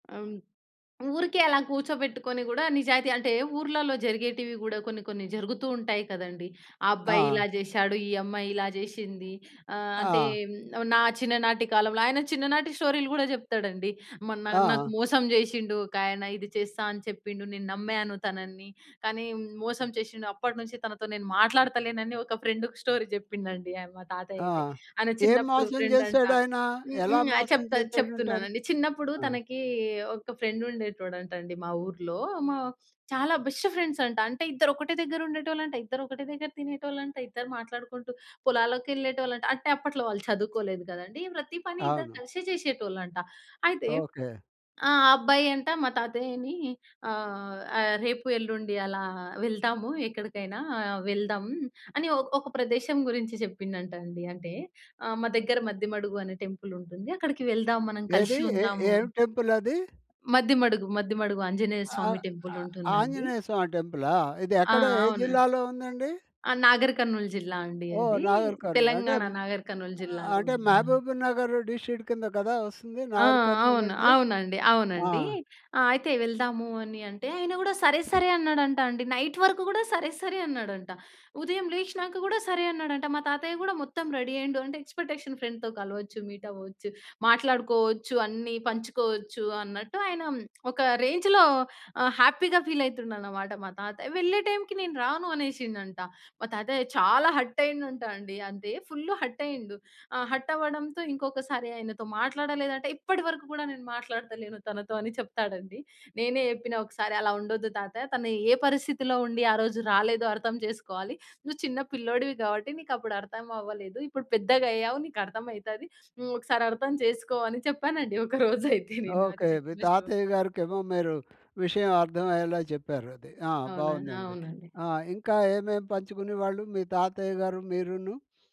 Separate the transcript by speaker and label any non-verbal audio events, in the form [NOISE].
Speaker 1: ఆ! హ్మ్. ఊరికే అలా కూర్చోబెట్టుకొని గూడా నిజాయితీ అంటే ఊర్లల్లో జరిగేటివి గూడా కొన్ని, కొన్ని జరుగుతూ ఉంటాయి కదండీ. ఆ అబ్బాయి
Speaker 2: ఆ!
Speaker 1: ఇలా జేషాడు, ఈ అమ్మాయి ఇలా జేషింది. ఆహ్, అంటే
Speaker 2: ఆ!
Speaker 1: హ్మ్, నువ్వు నా చిన్ననాటి కాలంలో. ఆయన చిన్ననాటి స్టోరీలు గూడా జెప్తడండి. "మొన్న నాకు
Speaker 2: ఆ!
Speaker 1: మోసం జేషిండు ఒకాయన. ఇది చేస్తా అని చెప్పిండు, నేను నమ్మాను తనని కానీ హ్మ్, మోసం చేషిండు. అప్పటినుంచి తనతో నేను మాట్లాడతలేనని" ఒక ఫ్రెండుకు స్టోరీ జెప్పిండండి ఆహ్, మా
Speaker 2: ఆ!
Speaker 1: తాతయ్యయితే. ఆయన
Speaker 2: ఏం
Speaker 1: చిన్నప్పుడు
Speaker 2: మోసం
Speaker 1: ఫ్రెండంట.
Speaker 2: చేసాడాయన?
Speaker 1: హ్మ్.
Speaker 2: ఎలా
Speaker 1: హ్మ్. ఆ!
Speaker 2: మోసం
Speaker 1: చెప్తా
Speaker 2: చేసాడంటారు?
Speaker 1: చెప్తున్నానండి. చిన్నప్పుడు
Speaker 2: ఆ!
Speaker 1: తనకి ఒక ఫ్రెండుండేటోడంటండి మా ఊర్లో. మా చాలా బెస్ట్ ఫ్రెండ్స్ అంట. అంటే ఇద్దరొకటే దెగ్గరుండేటోళ్ళంట. ఇద్దరొకటే దెగ్గర తినేటోళ్ళంట. ఇద్దరు మాట్లాడుకుంటూ పొలాలకెళ్ళేటోళ్ళంట. అంటే, అప్పట్లో వాళ్ళు చదువుకోలేదు కదండీ. ప్రతీ పని ఇద్దరు
Speaker 2: అవును.
Speaker 1: కలిసే చేషేటోళ్ళంట. అయితే,
Speaker 2: ఓకే.
Speaker 1: ఆ అబ్బాయంట మా తాతయ్యని ఆహ్, ఆహ్, "రేపు, ఎల్లుండి అలా వెళ్దాము, ఎక్కడికైనా వెళ్దాం." అని ఒ ఒక ప్రదేశం గురించి చెప్పిండంటండి. అంటే, ఆహ్, మా దెగ్గర మద్దెమడుగు అనే టెంపులుంటుంది. అక్కడికి వెళ్దాం మనం
Speaker 2: ఏదీ?
Speaker 1: కలిషి
Speaker 2: ఏ
Speaker 1: ఉందాము
Speaker 2: ఏం టెంపులది?
Speaker 1: మద్దిమడుగు, మద్దిమడుగు ఆంజనేయ
Speaker 2: ఆ
Speaker 1: స్వామి
Speaker 2: ఆ
Speaker 1: టెంపులుంటుందండి.
Speaker 2: ఆంజనేయ సామి టెంపులా? ఇది
Speaker 1: ఆ!
Speaker 2: ఎక్కడ, ఏ
Speaker 1: అవున
Speaker 2: జిల్లాలో ఉందండి?
Speaker 1: ఆ! నాగరి కర్నూల్ జిల్లా అండి
Speaker 2: ఓహ్!
Speaker 1: అది.
Speaker 2: నాగర్ కర్నూల్ అంటే,
Speaker 1: తెలంగాణ
Speaker 2: హ్మ్,
Speaker 1: నాగర్ కర్నూల్
Speaker 2: ఆహ్,
Speaker 1: జిల్లాలో
Speaker 2: అంటే
Speaker 1: ఉంటుందండి.
Speaker 2: మహబూబ్ నగరు డిషీటు కింద గదా వస్తుంది?
Speaker 1: ఆ!
Speaker 2: నాగర్
Speaker 1: అవును.
Speaker 2: కర్నూలంటే?
Speaker 1: అవునండి.
Speaker 2: ఆ!
Speaker 1: అవునండి. ఆహ్, అయితే వెళ్దాము అని అంటే, ఆయన గూడా, "సరే. సరే." అన్నాడంటాండి. నైట్ వరకు గూడా, "సరే. సరే." అన్నాడంట. ఉదయం లేచినాక గూడా, "సరే." అన్నాడంట. మా తాతయ్య కూడా మొత్తం రెడీ అయ్యిండు. అంటే, ఎక్స్పెటేషను ఫ్రెండ్‌తో కలవచ్చు, మీటవ్వొచ్చు, మాట్లాడుకోవచ్చు అన్ని పంచుకోవచ్చు అన్నట్టు ఆయనం [SMACKS LIPS] ఒక రేంజులో ఆహ్, హ్యాపీగా ఫీలయితుండనమాట మా తాతయ్య. వెళ్ళే టైంకి, "నేను రాను." అనేసిండంట. మా తాతయ్య చాలా హర్టయిండంటాండి, అంటే, ఫుల్లు హర్టయ్యిండు. ఆహ్, హర్టవ్వడంతో, ఇంకొకసారి ఆయనతో మాట్లాడలేదంట, "ఇప్పడి వరకు గూడా నేను మాట్లాడతలేను తనతో." అని చెప్తాడుండి. నేనే చెప్పిన ఒకసారి, "అలా ఉండొద్దు తాతయ, తను ఏ పరిస్థితిలో ఉండి, ఆ రోజు రాలేదో అర్థం చేసుకోవాలి. నువ్వు చిన్న పిల్లోడివి గాబట్టి నీకప్పుడు అర్థం అవ్వలేదు. ఇప్పుడు పెద్దగయ్యావు, నీకర్థం అయితాది. నువ్వొకసారి అర్థం చేసుకో." అని చెప్పానండి, ఒక రోజయితే నేను. అది
Speaker 2: ఓకే. మీ
Speaker 1: చెప్పిన స్టో
Speaker 2: తాతయ్య గారికేమో మీరు విషయం అర్ధమయ్యేలా చెప్పారది. ఆహ్,
Speaker 1: అవునా!
Speaker 2: బాగుందండి.
Speaker 1: అవునండి.
Speaker 2: ఆహ్, ఇంకా ఏమేమేం పంచుకునే వాళ్ళు? మీ తాతయ్య గారు, మీరును.